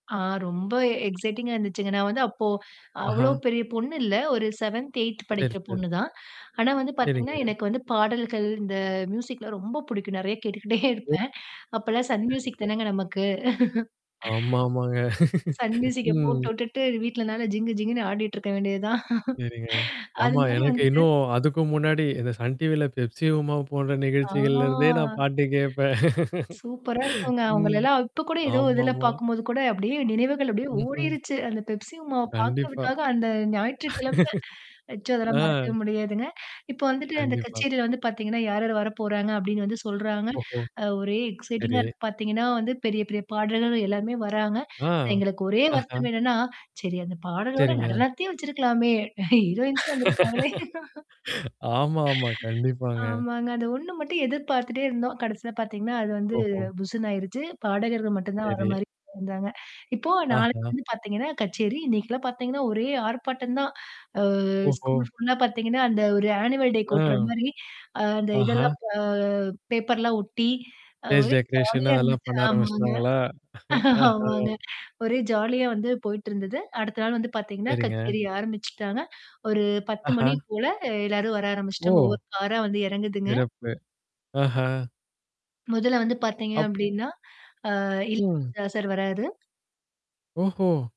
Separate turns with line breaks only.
ஆ, ரொம்ப எக்சைட்டிங்கா இருந்துச்சுங்க. நான் வந்து அப்போ, அவ்வளோ
ஆஹா.
பெரிய பொண்ணு இல்ல. ஒரு 7த்து, 8த்து
சரி,
படிக்கிற
ச
பொண்ணு தான். ஆனா வந்து பாத்தீங்கன்னா,
சரிங்க,
எனக்கு வந்து பாடல்கள், இந்த ம்யூசிக்லாம் ரொம்ப பிடிக்கும். நெறையா கேட்டுகிட்டே
ஓ.
இருப்பேன். அப்பெல்லாம் சன் ம்யூசிக்
சரிங்க.
தானேங்க நமக்கு!
ஆமாமாங்க.
சன் ம்யூசிக்க போட்டு
ம்.
விட்டுட்டு, வீட்டுல நல்லா ஜிங்கு ஜிங்குன்னு ஆடிக்ட்டுருக்க வேண்டியது தான்.
சரிங்க.
அது
ஆமா
மாதிரி
எனக்கு
வந்துட்டு
இன்னும் அதுக்கும் முன்னாடி இந்த சன் டிவி ல பெப்சி உமா போன்ற
ஆ
நிகழ்ச்சிகள்ல இருந்தே, நான் பாட்டு கேப்பேன்.
சூப்பரா இருக்குங்க.
ம்,
அவுங்களல்லாம் இப்ப கூட ஏதோ இதுல
ஆமாமா.
பாக்கும்போது கூட, அப்டியே நினைவுகள், அப்டியே
ம்ஹூம்.
ஓடிருச்சு. அந்த பெப்சி உமாவ
கண்டிப்பா
பாக்கிறதுக்காக அந்த ஞாயிற்றுக்கிழமை நிச்சயம் அதெல்லாம்
ஆ.
மறக்க முடியாதுங்க. இப்ப வந்துட்டு, அந்தக்
கண்டிப்பா.
கச்சேரி வந்து பாத்தீங்கன்னா, யார் யாரு வரப்போறாங்க? அப்டின்னு வந்து சொல்றாங்க.
ஓஹோ,
அ ஒரே எக்சைட்டிங்கா
சரி.
இருக்கு. பார்த்தீங்கன்னா, வந்து பெரிய பெரிய பாடகர்கள் எல்லாமே வர்றாங்க.
ஆ.
எங்களுக்கு ஒரே
ஆஹா.
வருத்தம் என்னான்னா, சரி அந்தப் பாடலோட,
சரிங்க.
நடனத்தையும் வச்சிருக்கலாமே. ஹீரோயின்ஸும் வந்துருப்பாங்களே!
ஆமா, ஆமா கண்டிப்பாங்க.
ஆமாங்க. அது 1 மட்டும் எதிர்பார்த்துட்டே இருந்தோம். கடைசில பாத்தீங்கன்னா, அது வந்து
ஓஹோ.
புஸ்ஸுன்னு ஆயிருச்சு. பாடகர்கள் மட்டும்தான் வர்ற
சரி.
மாரி இருந்தாங்க. இப்போ நாளைக்கு
ஆஹா.
வந்து பாத்தீங்கன்னா, கச்சேரி. இன்னைக்குல்லாம் பாத்தீங்கன்னா, ஒரே ஆர்ப்பாட்டம் தான். அ
ஓஹோ.
ஸ்கூல் ஃபுல்லா பாத்தீங்கன்னா, அந்த ஒரு ஆனுவல்
அ.
டேக்கு ஒட்டுற மாரி, அந்த
ஆஹா.
இதெல்லாம் அ பேப்பர்லாம் ஒட்டி அ
ஸ்டேஜ்
ஒரே
டெக்கரேஷன்
ஜாலியா
அதெல்லாம்
இருந்துச்சு.
பண்ண
ஆமாங்க.
ஆரம்பிச்சிட்டாங்களா? ஆஹா.
ஆமாங்க. ஒரே ஜாலியா வந்து போயிட்டு இருந்தது. அடுத்த நாள் வந்து பாத்தீங்கன்னா,
சரிங்க.
கச்சேரி ஆரம்பிச்சுட்டாங்க. ஒரு 10 மணி
அஹா.
போல அ எல்லாரும் வர ஆரம்பிச்சுட்டாங்க.
ஓ.
ஒவ்வொரு காரா வந்து எறங்குதுங்க.
சிறப்பு. ஆஹா.
முதல்ல வந்து பாத்தீங்க
அப்
அப்டீன்னா, ஆ
ம்.
இளையராஜா சார் வர்ராரு!
ஓஹோ.